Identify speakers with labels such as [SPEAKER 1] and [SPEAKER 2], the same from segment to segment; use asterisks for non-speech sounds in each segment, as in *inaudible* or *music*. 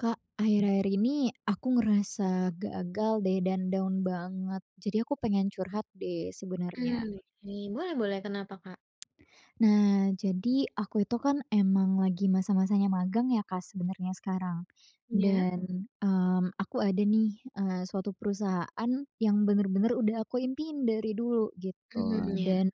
[SPEAKER 1] Kak, akhir-akhir ini aku ngerasa gagal, deh, dan down banget. Jadi aku pengen curhat, deh,
[SPEAKER 2] Mmm,
[SPEAKER 1] sebenarnya.
[SPEAKER 2] oke. Boleh boleh, kenapa, Kak?
[SPEAKER 1] Nah, jadi aku itu, kan, emang lagi masa-masanya magang, ya, Kak, sebenarnya sekarang.
[SPEAKER 2] Iya.
[SPEAKER 1] Dan, mmm, aku ada, nih, eee, suatu perusahaan yang bener-bener udah aku impiin dari dulu
[SPEAKER 2] Mmm,
[SPEAKER 1] gitu.
[SPEAKER 2] ya.
[SPEAKER 1] Dan,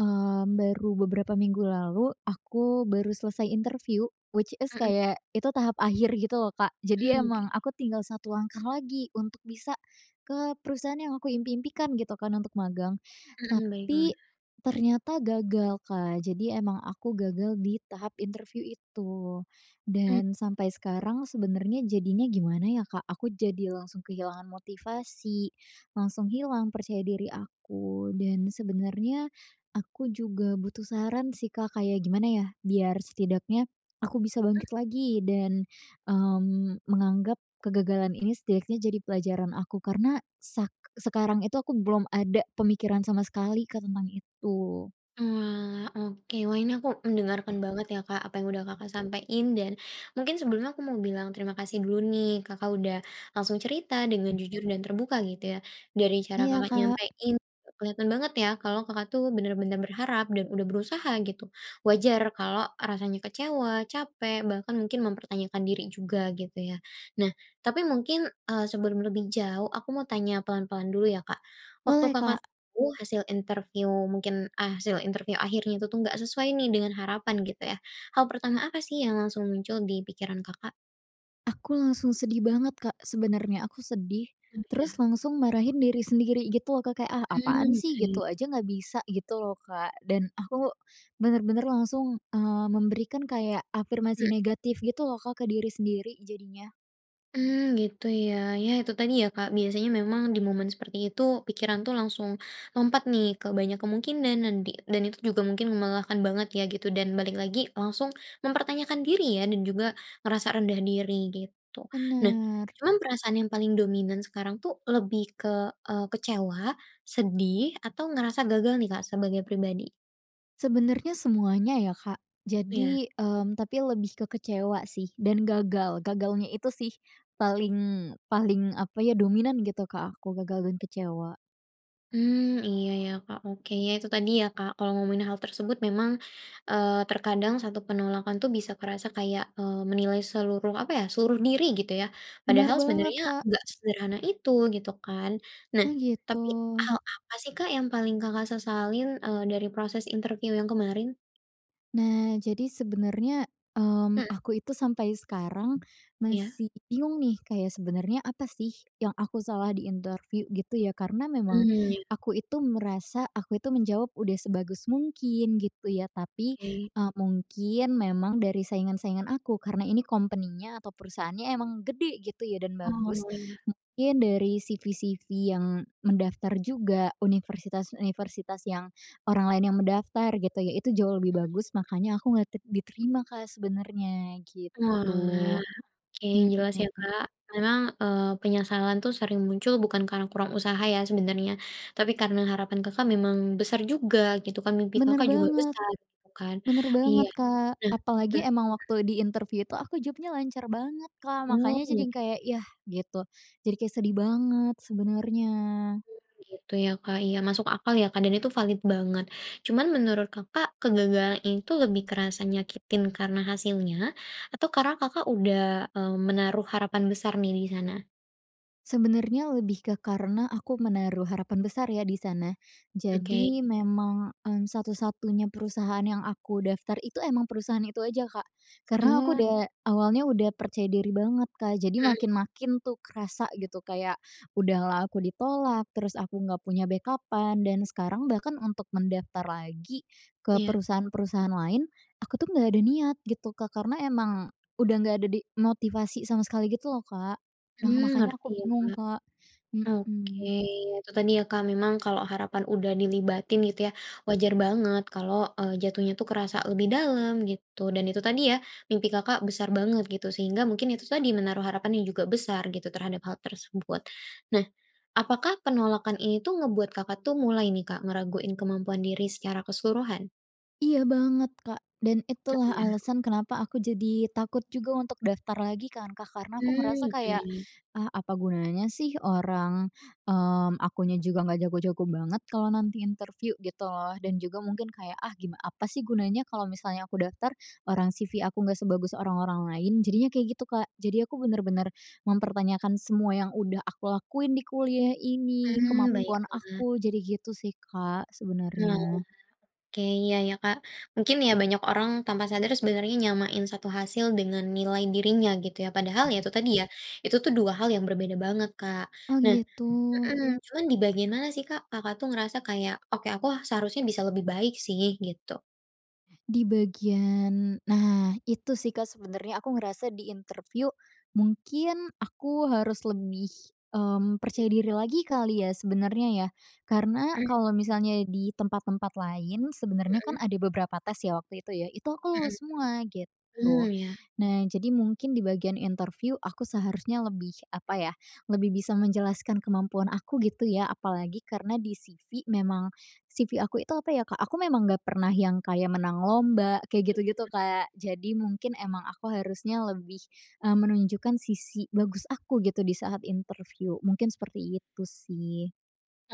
[SPEAKER 1] eee, baru beberapa minggu lalu aku baru selesai interview, which is
[SPEAKER 2] Mhm.
[SPEAKER 1] kayak itu tahap akhir gitu, loh, Kak, jadi
[SPEAKER 2] Hmm.
[SPEAKER 1] emang aku tinggal satu langkah lagi untuk bisa ke perusahaan yang aku impi-impikan gitu, kan, untuk magang.
[SPEAKER 2] Hmm, baiklah.
[SPEAKER 1] Tapi, ternyata gagal, Kak, jadi emang aku gagal di tahap interview itu.
[SPEAKER 2] Mmm.
[SPEAKER 1] Dan sampai sekarang sebenarnya jadinya gimana, ya, Kak? Aku jadi langsung kehilangan motivasi, langsung hilang percaya diri aku, dan sebenarnya aku juga butuh saran, sih, Kak, kayak gimana, ya, biar setidaknya aku bisa
[SPEAKER 2] Ah.
[SPEAKER 1] bangkit lagi dan, mmm, menganggap kegagalan ini setidaknya jadi pelajaran aku karena, sak sekarang itu aku belum ada pemikiran sama sekali, Kak, tentang itu?
[SPEAKER 2] Oalah, oke. Wah, ini aku mendengarkan banget, ya, Kak, apa yang udah Kakak sampein dan mungkin sebelumnya aku mau bilang terima kasih dulu, nih, Kakak udah langsung cerita dengan jujur dan terbuka gitu, ya. Dari cara
[SPEAKER 1] Iya,
[SPEAKER 2] Kakak
[SPEAKER 1] Kak.
[SPEAKER 2] nyampein, kelihatan banget, ya, kalau Kakak, tuh, benar-benar berharap dan udah berusaha gitu. Wajar kalau rasanya kecewa, capek, bahkan mungkin mempertanyakan diri juga gitu, ya. Nah, tapi mungkin, eee, sebelum lebih jauh, aku mau tanya pelan-pelan dulu, ya, Kak. Waktu
[SPEAKER 1] Boleh,
[SPEAKER 2] Kakak
[SPEAKER 1] Kak.
[SPEAKER 2] tahu hasil interview mungkin a hasil interview akhirnya itu, tuh, gak sesuai, nih, dengan harapan gitu, ya. Hal pertama apa, sih, yang langsung muncul di pikiran Kakak?
[SPEAKER 1] Aku langsung sedih banget, Kak, sebenarnya. Aku sedih
[SPEAKER 2] Mmm,
[SPEAKER 1] terus
[SPEAKER 2] iya.
[SPEAKER 1] langsung marahin diri sendiri gitu loh, Kak, kayak, "Ah apaan
[SPEAKER 2] Mmm,
[SPEAKER 1] sih,
[SPEAKER 2] oke.
[SPEAKER 1] gitu aja nggak bisa?" Gitu loh, Kak. Dan aku, benar-benar langsung, eee, memberikan kayak
[SPEAKER 2] Hmm.
[SPEAKER 1] afirmasi negatif gitu loh, Kak, ke diri sendiri jadinya.
[SPEAKER 2] Mmm, gitu ya. Ya itu tadi ya, Kak, biasanya memang di momen seperti itu, pikiran tuh langsung lompat nih ke banyak kemungkinan dan di dan itu juga mungkin melelahkan banget ya gitu. Dan balik lagi, langsung mempertanyakan diri ya, dan juga ngerasa rendah diri, gitu. Nah,
[SPEAKER 1] Benar.
[SPEAKER 2] cuma perasaan yang paling dominan sekarang tuh lebih ke, eee, kecewa, sedih, atau ngerasa gagal nih, Kak, sebagai pribadi?
[SPEAKER 1] Sebenarnya semuanya ya, Kak,
[SPEAKER 2] Ya.
[SPEAKER 1] jadi mmm, tapi lebih ke kecewa sih dan gagal gagalnya itu sih paling paling apa ya, dominan gitu ke aku. Gagal dan kecewa.
[SPEAKER 2] Mmm, iya ya, Kak. Oke, ya itu tadi ya, Kak, kalau ngomongin hal tersebut memang, eee, terkadang 1 penolakan itu bisa kerasa kayak, eee, menilai seluruh apa ya, seluruh diri gitu ya.
[SPEAKER 1] Benar
[SPEAKER 2] Padahal
[SPEAKER 1] banget,
[SPEAKER 2] sebenarnya
[SPEAKER 1] Kak.
[SPEAKER 2] enggak sesederhana itu, gitu kan. Nah,
[SPEAKER 1] Oh gitu.
[SPEAKER 2] tapi hal apa sih, Kak, yang paling Kakak sesalin, eee, dari proses interview yang kemarin?
[SPEAKER 1] Nah jadi sebenarnya,
[SPEAKER 2] Mhm.
[SPEAKER 1] mmm, aku itu sampai sekarang
[SPEAKER 2] Iya.
[SPEAKER 1] masih bingung nih kayak sebenarnya apa sih, yang aku salah di interview gitu ya. Karena memang,
[SPEAKER 2] Mmm ya.
[SPEAKER 1] aku itu merasa, aku itu menjawab udah sebagus mungkin gitu ya. Tapi,
[SPEAKER 2] Oke.
[SPEAKER 1] eee, mungkin memang dari saingan-saingan aku, karena ini company-nya atau perusahaannya emang gede gitu ya dan bagus.
[SPEAKER 2] Oh iya.
[SPEAKER 1] Mungkin dari CV-CV yang mendaftar juga, universitas-universitas yang orang lain yang mendaftar gitu ya, itu jauh lebih
[SPEAKER 2] Hmm.
[SPEAKER 1] bagus, makanya aku nggak te diterima, Kak, sebenarnya,
[SPEAKER 2] Oalah,
[SPEAKER 1] gitu.
[SPEAKER 2] oke
[SPEAKER 1] Hmm.
[SPEAKER 2] jelas ya, Kak. Memang, eee, penyesalan tuh sering muncul bukan karena kurang usaha ya sebenarnya, tapi karena harapan Kakak memang besar juga gitu kan, mimpi
[SPEAKER 1] Benar
[SPEAKER 2] Kakak juga
[SPEAKER 1] banget.
[SPEAKER 2] besar, gitu kan.
[SPEAKER 1] Benar
[SPEAKER 2] Iya
[SPEAKER 1] banget, Kak.
[SPEAKER 2] nah be
[SPEAKER 1] Apalagi emang waktu di interview itu aku jawabnya lancar banget, Kak,
[SPEAKER 2] Oh
[SPEAKER 1] makanya
[SPEAKER 2] oke.
[SPEAKER 1] jadi kayak, "Yah" gitu. Jadi kayak sedih banget sebenarnya.
[SPEAKER 2] Oh gitu ya, Kak. Iya masuk akal ya, Kak, dan itu valid banget. Cuman menurut Kakak, kegagalan ini itu lebih kerasa nyakitin karena hasilnya, atau karena Kakak udah, mmm, menaruh harapan besar nih di sana?
[SPEAKER 1] Sebenarnya lebih ke karena aku menaruh harapan besar ya di sana.
[SPEAKER 2] Oke.
[SPEAKER 1] Jadi memang, eee, satu-satunya perusahaan yang aku daftar itu emang perusahaan itu aja. Kak. Karena aku
[SPEAKER 2] Wah.
[SPEAKER 1] udah awalnya udah percaya diri banget, Kak, jadi
[SPEAKER 2] Mmm.
[SPEAKER 1] makin-makin tuh kerasa gitu kayak udah lah aku di tolak, terus aku nggak punya backup-an dan sekarang bahkan untuk mendaftar lagi ke
[SPEAKER 2] Iya.
[SPEAKER 1] perusahaan-perusahaan lain, aku tuh nggak ada niat gitu, Kak. Karena emang, udah nggak ada di motivasi sama sekali gitu loh, Kak. Nah
[SPEAKER 2] Mmm,
[SPEAKER 1] makanya
[SPEAKER 2] ngerti
[SPEAKER 1] aku
[SPEAKER 2] ya,
[SPEAKER 1] bingung,
[SPEAKER 2] Kak.
[SPEAKER 1] Kak,
[SPEAKER 2] Oke,
[SPEAKER 1] hmm.
[SPEAKER 2] itu tadi ya, Kak, memang kalau harapan udah dilibatin gitu ya, wajar banget kalau, eee, jatuhnya tuh kerasa lebih dalam, gitu. Dan itu tadi ya, mimpi Kakak besar banget gitu sehingga mungkin itu tadi menaruh harapan yang juga besar gitu, terhadap hal tersebut. Nah, apakah penolakan ini tuh ngebuat Kakak tuh mulai nih, Kak, ngeraguin kemampuan diri secara keseluruhan?
[SPEAKER 1] Iya banget, Kak, dan
[SPEAKER 2] Oh
[SPEAKER 1] itulah
[SPEAKER 2] iya.
[SPEAKER 1] alasan kenapa aku jadi takut juga untuk daftar lagi kan, Kak, karena aku
[SPEAKER 2] Mmm,
[SPEAKER 1] merasa
[SPEAKER 2] oke.
[SPEAKER 1] kayak, "Ah apa gunanya sih orang, mmm, akunya juga nggak jago-jago banget kalau nanti interview," gitu loh. Dan juga mungkin kayak, "Ah gim apa sih gunanya kalau misalnya aku daftar, orang CV aku nggak sebagus orang-orang lain," jadinya kayak gitu, Kak. Jadi aku benar-benar mempertanyakan semua yang udah aku lakuin di kuliah ini,
[SPEAKER 2] Hmm
[SPEAKER 1] kemampuan
[SPEAKER 2] baiklah.
[SPEAKER 1] aku, jadi gitu sih, Kak,
[SPEAKER 2] Oalah.
[SPEAKER 1] sebenarnya.
[SPEAKER 2] Oke iya ya, Kak. Mungkin ya banyak orang tanpa sadar sebenernya nyamain 1 hasil dengan nilai dirinya gitu ya, padahal ya itu tadi ya, itu tuh dua hal yang berbeda banget, Kak.
[SPEAKER 1] Oh
[SPEAKER 2] Nah
[SPEAKER 1] gitu.
[SPEAKER 2] mmm cuma di bagian mana sih, Kak, Kakak tuh ngerasa kayak, "Oke aku, ah, seharusnya bisa lebih baik sih," gitu?
[SPEAKER 1] Di bagian nah itu sih, Kak, sebenarnya aku ngerasa di interview mungkin aku harus lebih, mmm,
[SPEAKER 2] Iya.
[SPEAKER 1] percaya diri lagi kali ya sebenarnya ya. Karena, kalau
[SPEAKER 2] *clears throat*
[SPEAKER 1] misalnya di tempat-tempat lain sebenarnya
[SPEAKER 2] Hmm.
[SPEAKER 1] kan ada beberapa tes ya waktu itu ya, itu aku
[SPEAKER 2] Hmm.
[SPEAKER 1] lulus semua,
[SPEAKER 2] Mmm,
[SPEAKER 1] gitu.
[SPEAKER 2] ya.
[SPEAKER 1] Nah jadi mungkin di bagian interview aku seharusnya lebih, apa ya, lebih bisa menjelaskan kemampuan aku gitu ya. Apalagi karena di CV memang, CV aku itu apa ya, Kak, aku memang nggak pernah yang kayak menang lomba, kayak gitu-gitu,
[SPEAKER 2] Iya.
[SPEAKER 1] Kak. Jadi mungkin emang aku harusnya lebih, eee, menunjukkan sisi bagus aku gitu di saat interview, mungkin seperti itu sih.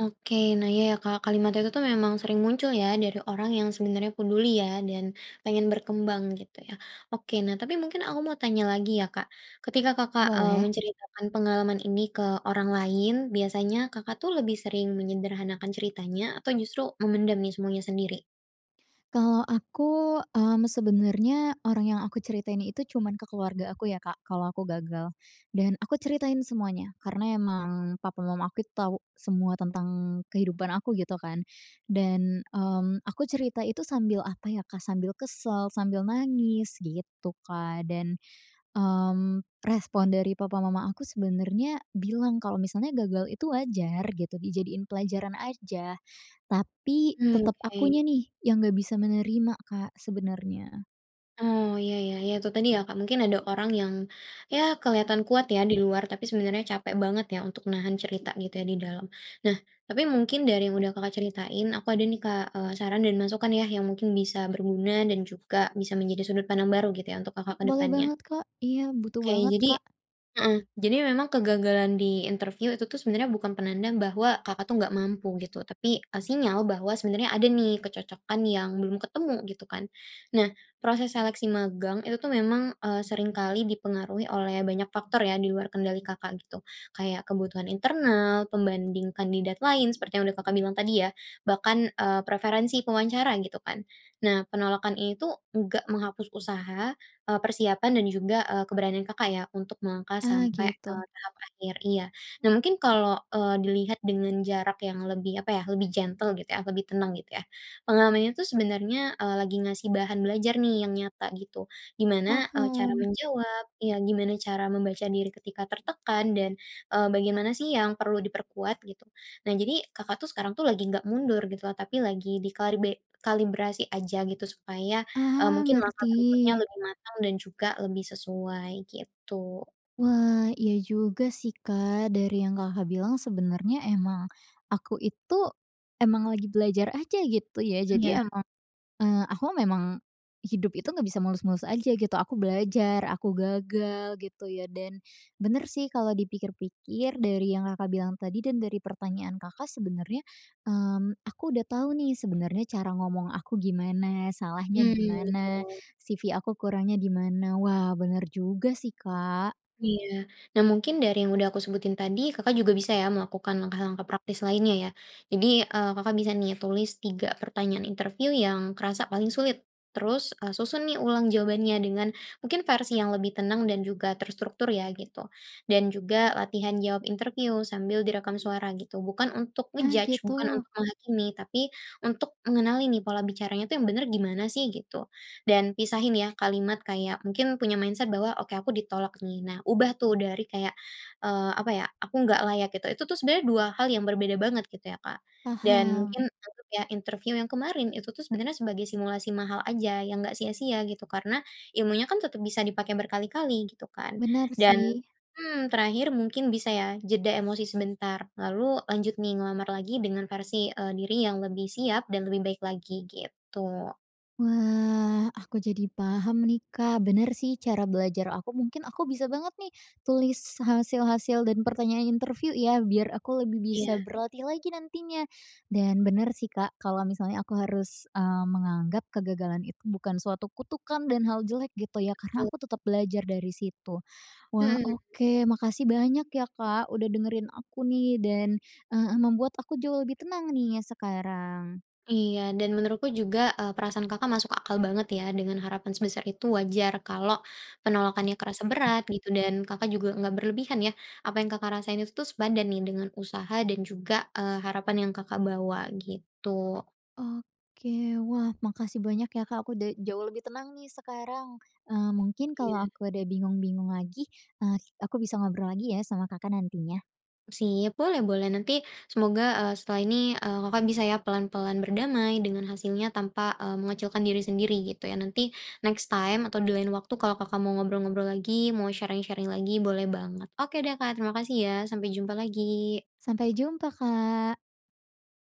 [SPEAKER 2] Oke, nah iya ya, Kak, kalimat itu tuh memang sering muncul ya dari orang yang sebenarnya peduli ya dan pengen berkembang gitu ya. Oke, nah tapi mungkin aku mau tanya lagi ya, Kak, ketika Kakak, eee,
[SPEAKER 1] Boleh.
[SPEAKER 2] menceritakan pengalaman ini ke orang lain, biasanya Kakak tuh lebih sering menyederhanakan ceritanya, atau justru memendam nih semuanya sendiri?
[SPEAKER 1] Kalau aku, mmm, sebenarnya orang yang aku ceritain itu cuman ke keluarga aku ya, Kak, kalau aku gagal. Dan aku ceritain semuanya. Karena emang, papa mama aku itu tahu semua tentang kehidupan aku gitu kan. Dan, mmm, aku cerita itu sambil apa ya, Kak, sambil kesel, sambil nangis, gitu, Kak. Dan, mmm, respon dari papa mama aku sebenarnya bilang kalau misalnya gagal itu wajar gitu, dijadiin pelajaran aja. Tapi,
[SPEAKER 2] Mmm,
[SPEAKER 1] tetap
[SPEAKER 2] oke.
[SPEAKER 1] akunya nih, yang nggak bisa menerima, Kak, sebenarnya.
[SPEAKER 2] Oh iya ya. Ya itu tadi ya, Kak, mungkin ada orang yang, ya kelihatan kuat ya di luar, tapi sebenarnya capek banget ya untuk nahan cerita gitu ya di dalam. Nah, tapi mungkin dari yang udah Kakak ceritain, aku ada nih, Kak, eee saran, dan masukan ya yang mungkin bisa berguna dan juga bisa menjadi sudut pandang baru gitu ya, untuk Kakak ke
[SPEAKER 1] Boleh
[SPEAKER 2] depannya.
[SPEAKER 1] banget, Kak. Iya butuh
[SPEAKER 2] Oke,
[SPEAKER 1] banget,
[SPEAKER 2] jadi
[SPEAKER 1] Kak.
[SPEAKER 2] heeh, jadi memang kegagalan di interview itu tuh sebenarnya bukan penanda bahwa Kakak itu nggak mampu gitu, tapi, eee, sinyal bahwa sebenarnya ada nih kecocokan yang belum ketemu, gitu kan. Nah, proses seleksi magang, itu tuh memang, eee, seringkali dipengaruhi oleh banyak faktor ya di luar kendali Kakak gitu. Kayak kebutuhan internal, pembanding kandidat lain, seperti yang udah Kakak bilang tadi ya. Bahkan, eee, preferensi pewawancara gitu kan. Nah penolakan ini tuh, nggak menghapus usaha, eee, persiapan dan juga, eee, keberanian Kakak ya untuk melangkah
[SPEAKER 1] Ah
[SPEAKER 2] sampai ke
[SPEAKER 1] gitu.
[SPEAKER 2] tahap akhir iya. Nah
[SPEAKER 1] Kak
[SPEAKER 2] mungkin kalo, eee, dilihat dengan jarak yang lebih apa ya, lebih gentle gitu ya, lebih tenang gitu ya, pengalamannya tuh sebenernya, eee, lagi ngasih bahan belajar nih yang nyata gitu. Gimana, eee, cara
[SPEAKER 1] Paham.
[SPEAKER 2] menjawab iya gimana cara membaca diri ketika tertekan dan, eee, bagaimana sih yang perlu diperkuat gitu. Nah jadi Kakak tuh sekarang tuh lagi ga mundur gitu lho tapi lagi di karbe kalibrasi aja gitu supaya, eee,
[SPEAKER 1] Ah
[SPEAKER 2] mungkin langkah
[SPEAKER 1] ngerti.
[SPEAKER 2] berikutnya lebih matang dan juga lebih sesuai gitu.
[SPEAKER 1] Wah, iya juga sih, Kak. Dari yang Kakak bilang sebenarnya emang, aku itu emang lagi belajar aja gitu ya. Jadi
[SPEAKER 2] Ya.
[SPEAKER 1] emang, eee, aku memang, hidup itu nggak bisa mulus-mulus aja gitu aku belajar, aku gagal, gitu ya. Dan benar sih kalau dipikir-pikir dari yang Kakak bilang tadi dan dari pertanyaan Kakak sebenarnya, mmm, aku udah tahu nih sebenarnya cara ngomong aku gimana, salahnya
[SPEAKER 2] Mmm,
[SPEAKER 1] di mana,
[SPEAKER 2] betul.
[SPEAKER 1] CV aku kurangnya di mana. Wah benar juga sih. Kak.
[SPEAKER 2] Iya. Nah mungkin dari yang udah aku sebutin tadi, Kakak juga bisa ya melakukan langkah-langkah praktis lainnya ya. Jadi, eee, Kakak bisa nih tulis 3 pertanyaan interview yang kerasa paling sulit. Terus, e susun nih ulang jawabannya dengan mungkin versi yang lebih tenang dan juga terstruktur ya, gitu. Dan juga latihan jawab interview sambil direkam suara gitu, bukan untuk
[SPEAKER 1] Ah
[SPEAKER 2] nge-judge bukan untuk
[SPEAKER 1] gitu.
[SPEAKER 2] menghakimi, tapi, untuk mengenali nih pola bicaranya tuh yang benar gimana sih, gitu. Dan pisahin ya, kalimat kayak mungkin punya mindset bahwa, "Oke aku ditolak nih," nah ubah tuh dari kayak, eee, apa ya, aku nggak layak gitu. Itu tuh sebenarnya dua hal yang berbeda banget gitu ya, Kak, dan
[SPEAKER 1] Paham.
[SPEAKER 2] mungkin untuk ya, interview yang kemarin itu tuh sebenarnya sebagai simulasi mahal aja yang nggak sia-sia gitu. Karena, ilmunya kan tetap bisa dipakai berkali-kali gitu kan,
[SPEAKER 1] Benar
[SPEAKER 2] dan
[SPEAKER 1] sih.
[SPEAKER 2] mmm, terakhir mungkin bisa ya, jeda emosi sebentar lalu lanjut nih ngelamar lagi dengan versi, eee, diri yang lebih siap dan lebih baik lagi, gitu.
[SPEAKER 1] Wah, aku jadi paham nih, Kak. Benar sih cara belajar aku mungkin aku bisa banget nih, tulis hasil-hasil dan pertanyaan interview ya biar aku lebih bisa
[SPEAKER 2] Iya.
[SPEAKER 1] berlatih lagi nantinya. Dan benar sih, Kak, kalau misalnya aku harus, mmm, menganggap kegagalan itu bukan suatu kutukan dan hal jelek gitu ya, karena
[SPEAKER 2] Betul.
[SPEAKER 1] aku tetap belajar dari situ. Wah
[SPEAKER 2] Hmm.
[SPEAKER 1] oke, makasih banyak ya, Kak, udah dengerin aku nih dan, eee, membuat aku jauh lebih tenang nih sekarang.
[SPEAKER 2] Iya, dan menurutku juga, eee, perasaan Kakak masuk akal banget ya, dengan harapan sebesar itu wajar kalau penolakannya kerasa berat gitu, dan Kakak juga enggak berlebihan ya. Apa yang Kakak rasain itu tuh sepadan nih dengan usaha dan juga, eee, harapan yang Kakak bawa, gitu.
[SPEAKER 1] Oke, wah makasih banyak ya, Kak, aku udah jauh lebih tenang nih sekarang. Eee, mungkin kalau
[SPEAKER 2] Iya.
[SPEAKER 1] aku ada bingung-bingung lagi, eee, aku bisa ngobrol lagi ya sama Kakak nantinya.
[SPEAKER 2] Sip, boleh boleh nanti semoga, eee, setelah ini, eee, Kakak bisa ya pelan-pelan berdamai dengan hasilnya tanpa, eee, mengecilkan diri sendiri gitu ya. Nanti, next time atau di lain waktu kalau Kakak mau ngobrol-ngobrol lagi, mau sharing-sharing lagi boleh banget. Oke deh, Kak, terima kasih ya, sampai jumpa lagi.
[SPEAKER 1] Sampai jumpa, Kak.